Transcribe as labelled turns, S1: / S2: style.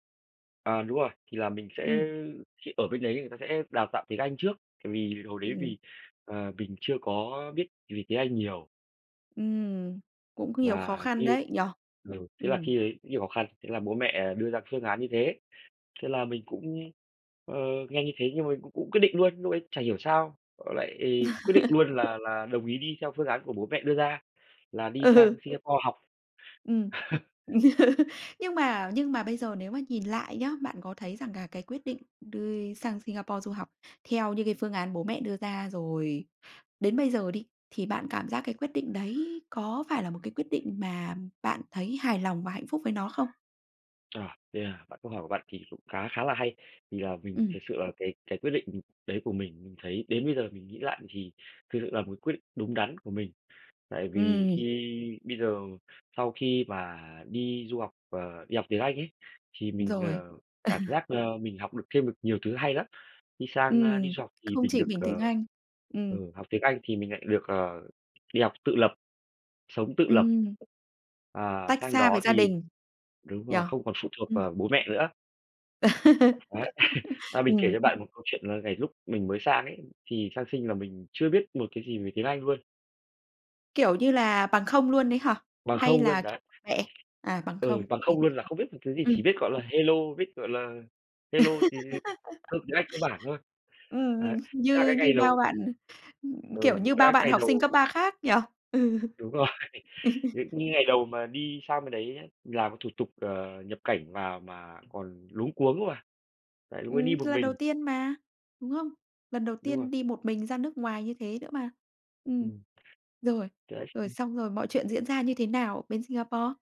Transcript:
S1: À, đúng rồi, thì là mình sẽ
S2: Ừm.
S1: khi ở bên đấy người ta sẽ đào tạo tiếng Anh trước, tại vì hồi đấy
S2: Ừm.
S1: vì, ờ, mình chưa có biết gì tiếng Anh nhiều.
S2: Ừm, cũng có nhiều khó
S1: Và
S2: khăn
S1: khi
S2: đấy, nhỉ?
S1: lên ừ, thế là
S2: Ừm.
S1: khi ấy nhiều khó khăn, thế là bố mẹ đưa ra phương án như thế, thế là mình cũng, ờ, nghe như thế, nhưng mà cũng cũng quyết định luôn. Lúc ấy chả hiểu sao lại quyết định luôn là là đồng ý đi theo phương án của bố mẹ đưa ra, là đi sang
S2: Ừ.
S1: Singapore học.
S2: Ừm. Nhưng mà nhưng mà bây giờ nếu mà nhìn lại nhá, bạn có thấy rằng là cái quyết định đi sang Singapore du học theo như cái phương án bố mẹ đưa ra, rồi đến bây giờ đi, thì bạn cảm giác cái quyết định đấy có phải là một cái quyết định mà bạn thấy hài lòng và hạnh phúc với nó không?
S1: [unintelligible] Yeah. Bạn câu hỏi của bạn thì cũng khá khá là hay. Thì là mình
S2: Ừm.
S1: thực sự là về cái quyết định, ừ, ừ, đấy của mình, mình thấy đến bây giờ mình nghĩ lại thì thực sự là một cái quyết định đúng đắn của mình. Tại vì
S2: Ừm.
S1: khi bây giờ sau khi mà đi du học, ờ, đi học tiếng Anh ấy, thì mình,
S2: Rồi.
S1: ờ, cảm giác, ơ, mình học được thêm được nhiều thứ hay lắm. Đi sang, a, đi
S2: Ừm,
S1: du học thì
S2: không
S1: mình
S2: chỉ
S1: được,
S2: mình tiếng
S1: ờ,
S2: Anh. Ừm.
S1: ừ, học tiếng Anh thì mình lại được, ờ, đi học tự lập, sống tự lập.
S2: Ừm.
S1: À,
S2: Tách
S1: sang
S2: xa với
S1: đó
S2: gia
S1: thì
S2: đình,
S1: đúng
S2: nhỉ?
S1: rồi, không còn phụ thuộc
S2: Ừm.
S1: vào bố mẹ nữa. Ấy, à, mình
S2: Ừm,
S1: kể cho
S2: ưm.
S1: bạn một câu chuyện, là ngày lúc mình mới sang ấy, thì sang Sing là mình chưa biết một cái gì về tiếng Anh luôn.
S2: Kiểu như là, bằng không luôn đấy hả?
S1: Bằng
S2: Hay
S1: không luôn,
S2: là
S1: đấy.
S2: bẹ? À, bằng
S1: Ừ,
S2: không,
S1: bằng
S2: thế
S1: không
S2: thì
S1: luôn, là không biết một thứ gì, chỉ
S2: ừm.
S1: biết, gọi là, hello, biết, gọi là, hello thì thì cơ tiếng Anh cơ bản thôi.
S2: Ừm, ừm,
S1: Đấy, thế là
S2: như
S1: cái
S2: như
S1: ngày
S2: bao
S1: đầu
S2: bạn ừm, ừm, kiểu
S1: Ừ,
S2: như, bao
S1: đang
S2: bạn
S1: ngày
S2: học sinh
S1: đầu
S2: cấp 3 khác nhỉ? Ừ.
S1: Đúng rồi, những những ngày đầu mà đi sang bên đấy làm thủ tục, ờ, nhập cảnh vào mà còn luống cuống mà, đấy vẫn đi
S2: Ừm,
S1: một
S2: lần đầu
S1: mình.
S2: tiên mà, đúng không? Lần đầu
S1: Đúng rồi.
S2: tiên đi một mình ra nước ngoài như thế nữa mà. Ừm.
S1: Ừm.
S2: Rồi,
S1: Từ đấy
S2: rồi,
S1: xong
S2: xong rồi mọi chuyện diễn ra như thế nào bên Singapore?